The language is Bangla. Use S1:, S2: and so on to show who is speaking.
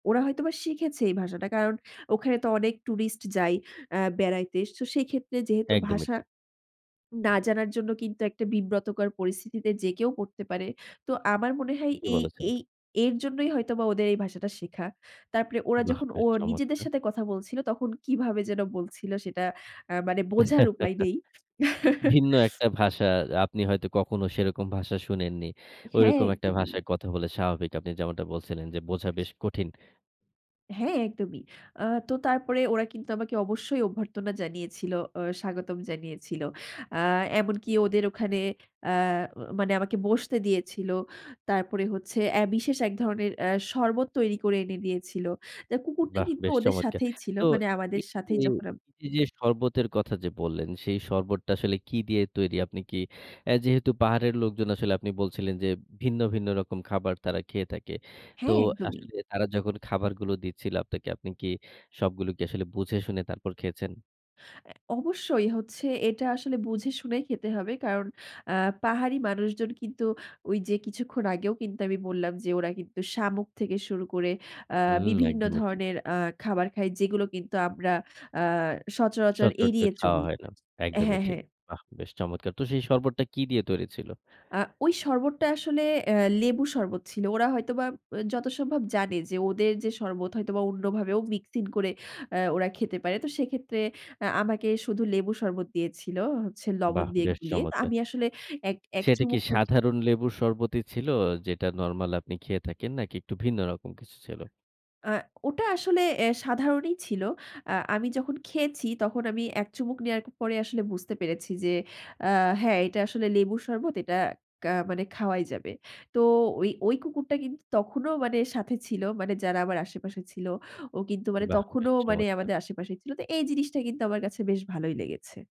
S1: ওরা হয়তোবা শিখেছে এই ভাষাটা। কারণ ওখানে তো অনেক টুরিস্ট যায় অ্যা বেড়াইতে। তো সেই ক্ষেত্রে যেহেতু
S2: একদমই
S1: ভাষা
S2: ঠিক।
S1: না জানার জন্য কিন্তু একটা বিব্রতকর পরিস্থিতিতে যে কেউ পড়তে পারে। তো আমার মনে হয়
S2: ঠিকই
S1: এই
S2: বলেছেন।
S1: এই এর জন্যই হয়তোবা ওদের এই ভাষাটা শেখা। তারপরে ওরা
S2: বাহ!
S1: যখন ও
S2: বেশ
S1: নিজেদের
S2: চমৎকার!
S1: সাথে কথা বলছিল তখন কিভাবে যেন বলছিল, সেটা অ্যা মানে বোঝার উপায় নেই।
S2: ভিন্ন একটা ভাষা। আপনি হয়তো কখনো সেরকম ভাষা শুনেননি।
S1: হ্যাঁ
S2: ঐরকম একটা
S1: একদমই।
S2: ভাষায় কথা বলে স্বাভাবিক। আপনি যেমনটা বলছিলেন যে বোঝা বেশ কঠিন।
S1: হ্যাঁ একদমই। আ তো তারপরে ওরা কিন্তু আমাকে অবশ্যই অভ্যর্থনা জানিয়েছিল। অ স্বাগতম জানিয়েছিল। আ এমনকি ওদের ওখানে অ্যা মানে আমাকে বসতে দিয়েছিল। তারপরে হচ্ছে অ্যা বিশেষ এক ধরনের অ্যা শরবত তৈরি করে এনে দিয়েছিল। তো কুকুরটা
S2: বাহ!
S1: কিন্তু
S2: বেশ
S1: ওদের
S2: চমৎকার!
S1: সাথেই ছিল
S2: তো
S1: মানে আমাদের
S2: এই যে,
S1: সাথেই যখন আম
S2: এইযে যে শরবতের কথা যে বললেন সেই শরবতটা আসলে কি দিয়ে তৈরি? আপনি কি অ্যা যেহেতু পাহাড়ের লোকজন আসলে আপনি বলছিলেন যে, ভিন্ন, ভিন্ন রকম খাবার তারা খেয়ে থাকে। তো
S1: হ্যাঁ একদমই।
S2: আসলে তারা যখন খাবারগুলো দিচ্ছিল আপনাকে, আপনি কি সবগুলো কি আসলে বুঝে শুনে তারপর খেয়েছেন?
S1: অ্যা অবশ্যই হচ্ছে এটা আসলে বুঝে শুনেই খেতে হবে। কারণ আ পাহাড়ি মানুষজন কিন্তু ওই যে কিছুক্ষণ আগেও কিন্তু আমি বললাম যে ওরা কিন্তু শামুক থেকে শুরু করে অ্যা
S2: হুম
S1: বিভিন্ন
S2: একদমই ঠিক।
S1: ধরনের অ্যা খাবার খায় যেগুলো কিন্তু আমরা আ সচরাচর
S2: সচরাচর
S1: এড়িয়ে
S2: খাওয়া
S1: চলি।
S2: হয় না। একদমই
S1: হ্যাঁ,
S2: ঠিক।
S1: হ্যাঁ।
S2: বাহ! বেশ চমৎকার! তো সেই শরবতটা কি দিয়ে তৈরি ছিল?
S1: আ ওই শরবতটা আসলে অ্যা লেবু শরবত ছিল। ওরা হয়তোবা অ যথা সম্ভব জানে যে ওদের যে শরবত হয়তো বা অন্যভাবেও মিক্সিং করে অ্যা ওরা খেতে পারে। তো সেক্ষেত্রে অ্যা আমাকে শুধু লেবু শরবত দিয়েছিল হচ্ছে লবণ
S2: বাহ!
S1: দিয়ে
S2: বেশ
S1: গুলিয়ে। তো
S2: চমৎকার।
S1: আমি আসলে এক এক
S2: সেটা কি
S1: চুমুক মুখে
S2: সাধারণ লেবুর শরবতই ছিল যেটা নরমাল আপনি খেয়ে থাকেন? নাকি একটু ভিন্ন রকম কিছু ছিল?
S1: অ্যা ওটা আসলে এ সাধারণই ছিল। আ আমি যখন খেয়েছি, তখন আমি এক চুমুক নেওয়ার পরে আসলে বুঝতে পেরেছি যে, অ্যা হ্যাঁ এটা আসলে লেবুর শরবত এটা কা মানে খাওয়াই যাবে। তো ওই ওই কুকুরটা কিন্তু তখনও মানে সাথে ছিল, মানে যারা আমার আশেপাশে ছিল। ও কিন্তু মানে
S2: বাহ! বেশ
S1: তখনও মানে
S2: চমৎকার!
S1: আমাদের আশেপাশেই ছিল। তো এই জিনিসটা কিন্তু আমার কাছে বেশ ভালোই লেগেছে।